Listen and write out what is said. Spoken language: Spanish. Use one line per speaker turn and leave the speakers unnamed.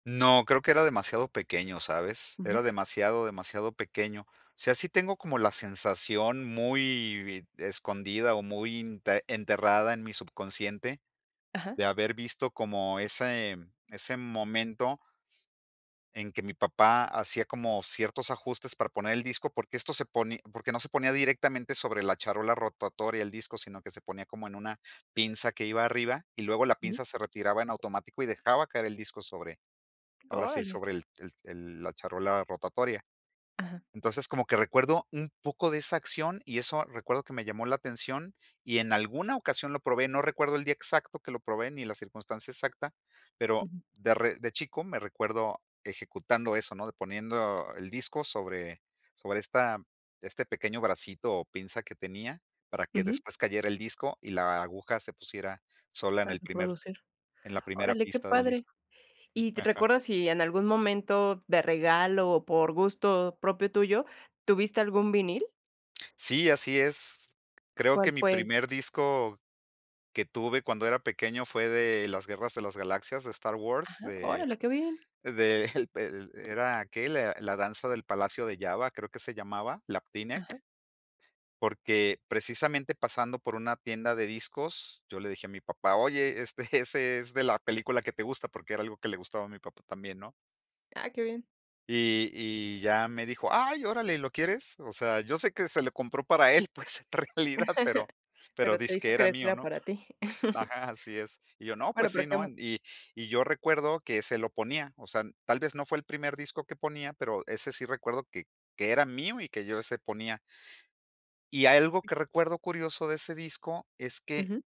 No, creo que era demasiado pequeño, ¿sabes?
Ujú.
Era demasiado, demasiado pequeño. O sea, sí tengo como la sensación muy bi escondida, o muy inte enterrada en mi subconsciente
Ajá.
de haber visto como ese ese momento en que mi papá hacía como ciertos ajustes para poner el disco, porque esto se pone porque no se ponía directamente sobre la charola rotatoria el disco, sino que se ponía como en una pinza que iba arriba, y luego la
Ujú.
pinza se retiraba en automático y dejaba caer el disco sobre, ahora sí,
¡Órale!
sobre el el el la charola rotatoria.
Ajá.
Entonces, como que recuerdo un poco de esa acción, y eso recuerdo que me llamó la atención, y en alguna ocasión lo probé. No recuerdo el día exacto que lo probé ni la circunstancia exacta, pero
Ujú.
de re de chico me recuerdo ejecutando eso, ¿no? De poniendo el disco sobre sobre esta este pequeño bracito o pinza que tenía para que
Ujú.
después cayera el disco y la aguja se pusiera sola en
Para
el primer
producir.
en la primera
Órale, qué
pista del
padre.
disco. Mm,
¿Y te
ajá.
recuerdas si en algún momento de regalo o por gusto propio tuyo tuviste algún vinil?
Sí, así es. Creo que
¿Cuál
mi
fue?
primer disco que tuve cuando era pequeño fue de Las Guerras de las Galaxias de Star Wars,
Ajá,
de
órale, qué bien.
del pel era que le La la Danza del Palacio de Jabba, creo que se llamaba, Lapti Nek.
Ajá.
Porque precisamente pasando por una tienda de discos, yo le dije a mi papá: "Oye, este, ese es de la película que te gusta", porque era algo que le gustaba a mi papá también, ¿no?
Ah, qué bien.
Y y, ya me dijo: "¡Ay, órale! ¿Lo quieres?". O sea, yo sé que se lo compró para él, pues, en realidad, pero pero
Pero te
dizque
hizo
era
creer que
mío,
era
¿no?
para ti.
ajá, así es. Y yo no,
Bueno,
pues
pero
sí,
que
¿no?
mu
En y y yo recuerdo que se lo ponía. O sea, tal vez no fue el primer disco que ponía, pero ese sí recuerdo que que era mío y que yo ese ponía. Y algo que recuerdo curioso de ese disco es que
Ujú.